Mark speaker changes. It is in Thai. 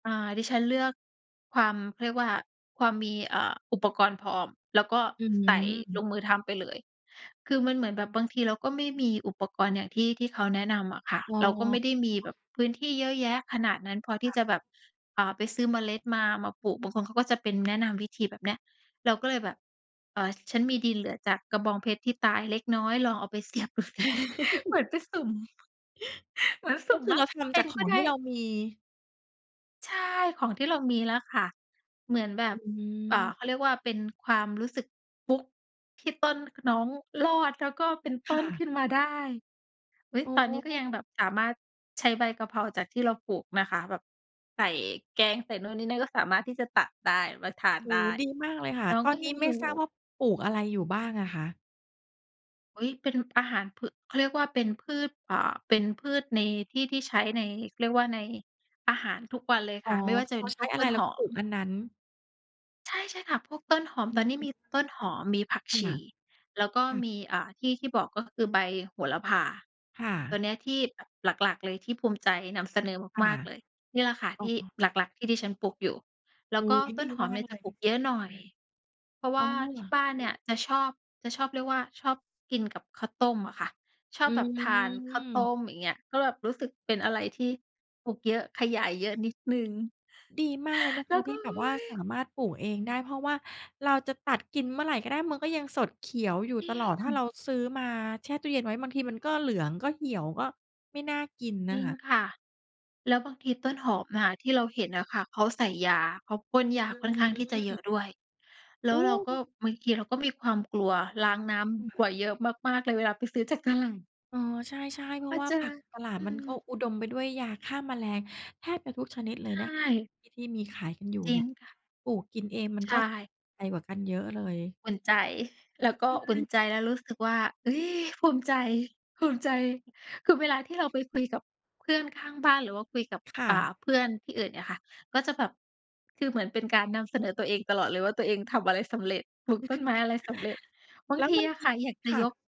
Speaker 1: อ่า ดิฉันเลือกความ เขาเรียกว่า ความมี อ่า อุปกรณ์พร้อม แล้วก็
Speaker 2: อื
Speaker 1: ใส่ล
Speaker 2: ม
Speaker 1: งมือทำไปเลย คือมันเหมือนแบบบางทีเราก็ไม่มีอุปกรณ์อย่างที่ ที่เขาแนะนำอะค่ะ
Speaker 2: อ้
Speaker 1: เราก็ไม
Speaker 2: อ
Speaker 1: ่ได้มีแบบพื้นที่เยอะแยะขนาดนั้นพอท
Speaker 2: ค
Speaker 1: ี่
Speaker 2: ่
Speaker 1: จะ
Speaker 2: ะ
Speaker 1: แบบ อ่า ไปซื้อเมล็ดมา มาปลูก บางคนเขาก็จะเป็นแนะนำวิธีแบบเนี้ย เราก็เลยแบบ เอ่อ ฉันมีดินเหลือจากกระบองเพชรที่ตายเล็กน้อยลองเอาไป เสียบดูสิ เหมือนไปสุ่ม เหมือนส
Speaker 2: ก
Speaker 1: ุ
Speaker 2: ็
Speaker 1: ่ม
Speaker 2: คือ
Speaker 1: ว่
Speaker 2: เ
Speaker 1: า
Speaker 2: ราท
Speaker 1: เป
Speaker 2: ำจ
Speaker 1: ็
Speaker 2: าก
Speaker 1: น
Speaker 2: ข
Speaker 1: ก
Speaker 2: อ
Speaker 1: ็
Speaker 2: ง
Speaker 1: ได
Speaker 2: ที
Speaker 1: ้
Speaker 2: ่เรามี
Speaker 1: ใช่ ของที่เรามีแล้วค่ะ เหมือนแบ
Speaker 2: อ
Speaker 1: บ เอ่อ
Speaker 2: ืม
Speaker 1: เขาเรียกว่า เป็นความรู้สึกฟลุกที่ต้นน้องรอด แล้วก็เป็นต
Speaker 2: ค
Speaker 1: ้
Speaker 2: ่
Speaker 1: นข
Speaker 2: ะ
Speaker 1: ึ้นมาได้ อุ๊ย
Speaker 2: อ๋
Speaker 1: ตอนนี้ก็ย
Speaker 2: อ
Speaker 1: ังแบบสามารถใช้ใบกะเพราจากที่เราปลูกนะคะ แบบใส่แกง ใส่นู่นนี่นั่น ก็สามารถที่จะตัดได้ มาทาน
Speaker 2: โอ้
Speaker 1: ได
Speaker 2: โฮ
Speaker 1: ้
Speaker 2: ดีมากเลยค่ะ
Speaker 1: น้อง
Speaker 2: ตอ
Speaker 1: ก
Speaker 2: น
Speaker 1: ็
Speaker 2: นี
Speaker 1: ย
Speaker 2: ้
Speaker 1: ัง
Speaker 2: ไ
Speaker 1: อ
Speaker 2: ม
Speaker 1: ย
Speaker 2: ่
Speaker 1: ู
Speaker 2: ทราบ
Speaker 1: ่
Speaker 2: ว่าปลูกอะไรอยู่บ้างอะคะ?
Speaker 1: อุ๊ย เป็นอาหารพือ เขาเรียกว่า เป็นพืช อ่า เป็นพืชในที่ ที่ใช้ใน เขาเรียกว่า ในอาหารทุกวันเลย
Speaker 2: อ
Speaker 1: ค
Speaker 2: ๋อ
Speaker 1: ่ะ ไม่ว่า
Speaker 2: คื
Speaker 1: จ
Speaker 2: อ
Speaker 1: ะเ
Speaker 2: เ
Speaker 1: ป
Speaker 2: ร
Speaker 1: ็น
Speaker 2: า
Speaker 1: พ
Speaker 2: ใช้
Speaker 1: วก
Speaker 2: อะ
Speaker 1: ต
Speaker 2: ไร
Speaker 1: ้น
Speaker 2: เรา
Speaker 1: ห
Speaker 2: ก็
Speaker 1: อ
Speaker 2: ปลู
Speaker 1: ม
Speaker 2: กอันนั้น
Speaker 1: ใช่ ใช่ค่ะ พวกต้นหอม
Speaker 2: อ
Speaker 1: ตอนนี้
Speaker 2: ื
Speaker 1: ม
Speaker 2: ม
Speaker 1: ีต้นหอม มีผัก
Speaker 2: ค
Speaker 1: ช
Speaker 2: ่ะ
Speaker 1: ี แล้วก็
Speaker 2: ค่
Speaker 1: ม
Speaker 2: ะ
Speaker 1: ี อ่า ที่ ที่บอก ก็คือใบโหระพา
Speaker 2: ค่
Speaker 1: ต
Speaker 2: ะ
Speaker 1: ัวเนี้ยที่แบบหลัก ๆ เลยที่ภูมิใจนำเสนอ
Speaker 2: ค่
Speaker 1: ม
Speaker 2: ะ
Speaker 1: าก ๆ เลย นี่ล่ะค่ะ
Speaker 2: อ
Speaker 1: ท
Speaker 2: ๋อ
Speaker 1: ี่หลัก ๆ ที่ดิฉันปลูกอยู่ แล
Speaker 2: โ
Speaker 1: ้
Speaker 2: อ
Speaker 1: ว
Speaker 2: ้
Speaker 1: ก
Speaker 2: โ
Speaker 1: ็
Speaker 2: ฮ
Speaker 1: ต
Speaker 2: ด
Speaker 1: ้
Speaker 2: ี
Speaker 1: นหอ
Speaker 2: ม
Speaker 1: ม
Speaker 2: า
Speaker 1: เนี
Speaker 2: ก
Speaker 1: ่ย
Speaker 2: เ
Speaker 1: จ
Speaker 2: ล
Speaker 1: ะ
Speaker 2: ย
Speaker 1: ปลูกเยอะหน่อย เพราะว
Speaker 2: อ๋
Speaker 1: ่
Speaker 2: อ
Speaker 1: า
Speaker 2: เ
Speaker 1: ท
Speaker 2: หร
Speaker 1: ี
Speaker 2: อ
Speaker 1: ่บ้านเนี่ยจะชอบ จะชอบ เรียกว่าชอบกินกับข้าวต้มอะค่ะ ชอ
Speaker 2: อ
Speaker 1: บ
Speaker 2: ื
Speaker 1: แบบทานข้าวต้
Speaker 2: ม
Speaker 1: ม อย่างเงี้ย ก็แบบรู้สึกเป็นอะไรที่ปลูกเยอะ ขยายเยอะนิดหนึ่ง
Speaker 2: ดีมากเลยนะ
Speaker 1: แ
Speaker 2: ค
Speaker 1: ล้
Speaker 2: ะ
Speaker 1: วก
Speaker 2: ท
Speaker 1: ็
Speaker 2: ี่แบ
Speaker 1: โอ้
Speaker 2: บว่า
Speaker 1: ย
Speaker 2: สามารถปลูกเองได้ เพราะว่าเราจะตัดกินเมื่อไหร่ก็ได้ มันก็ยังสดเขียวอยู่
Speaker 1: จริ
Speaker 2: ตลอด ถ้าเร
Speaker 1: ง
Speaker 2: าซื้อมาแช่ตู้เย็นไว้ บางทีมันก็เหลือง ก็เหี่ยว ก็ไม่น่ากิน
Speaker 1: จ
Speaker 2: น่
Speaker 1: ร
Speaker 2: ะ
Speaker 1: ิง
Speaker 2: ค่ะ
Speaker 1: ค่ะ แล้วบางทีต้นหอมอะที่เราเห็นน่ะค่ะ เขาใส่ยา เขาพ่นยา
Speaker 2: อื
Speaker 1: ค่อนข้างที่จะเยอ
Speaker 2: ม
Speaker 1: ะด้วย แล้
Speaker 2: โอ
Speaker 1: ว
Speaker 2: ้
Speaker 1: เราก็ บางทีเราก็มีความกลัว ล้างน้
Speaker 2: ค
Speaker 1: ำ
Speaker 2: ่
Speaker 1: บ่
Speaker 2: ะ
Speaker 1: อย เยอะมาก ๆ เลยเวลาไปซื้อ จากตลาด
Speaker 2: อ๋อ ใช่ ๆ เพร
Speaker 1: พ
Speaker 2: า
Speaker 1: อ
Speaker 2: ะว่า
Speaker 1: เจอ
Speaker 2: ผักตลาด
Speaker 1: อื
Speaker 2: มันก็
Speaker 1: ม
Speaker 2: อุดมไปด้วยยาฆ่าแมลงแทบจะทุกชนิดเล
Speaker 1: ใช
Speaker 2: ยนะ
Speaker 1: ่
Speaker 2: ที่ ที่มีขายกันอยู่
Speaker 1: จร
Speaker 2: เ
Speaker 1: ิ
Speaker 2: นี่
Speaker 1: ง
Speaker 2: ย
Speaker 1: ค่ะ
Speaker 2: ปลูกกินเองมัน
Speaker 1: ใช
Speaker 2: ก็
Speaker 1: ่
Speaker 2: ใจกว่ากันเยอะเลย
Speaker 1: อุ่นใจ แล้วก็
Speaker 2: ใช
Speaker 1: อุ่น
Speaker 2: ่
Speaker 1: ใจ แล้วรู้สึกว่า เฮ้ย ภูมิใจ ภูมิใจ คือเวลาที่เราไปคุยกับเพื่อนข้างบ้าน หรือว่าคุยกับ
Speaker 2: ค่
Speaker 1: อ่า
Speaker 2: ะ
Speaker 1: เพื่อนที่อื่นเนี่ยค่ะ ก็จะแบบ คือเหมือนเป็นการนำเสนอตัวเองตลอดเลยว่า ตัวเองทำอะไรสำเร็จ ปลูกต้นไม้อะไรสำเร็จ บา
Speaker 2: แ
Speaker 1: ง
Speaker 2: ล้ว
Speaker 1: ที
Speaker 2: มัน
Speaker 1: อะ
Speaker 2: ม
Speaker 1: ค
Speaker 2: ี
Speaker 1: ่ะ อยากจ
Speaker 2: ค
Speaker 1: ะ
Speaker 2: ่
Speaker 1: ย
Speaker 2: ะ
Speaker 1: ก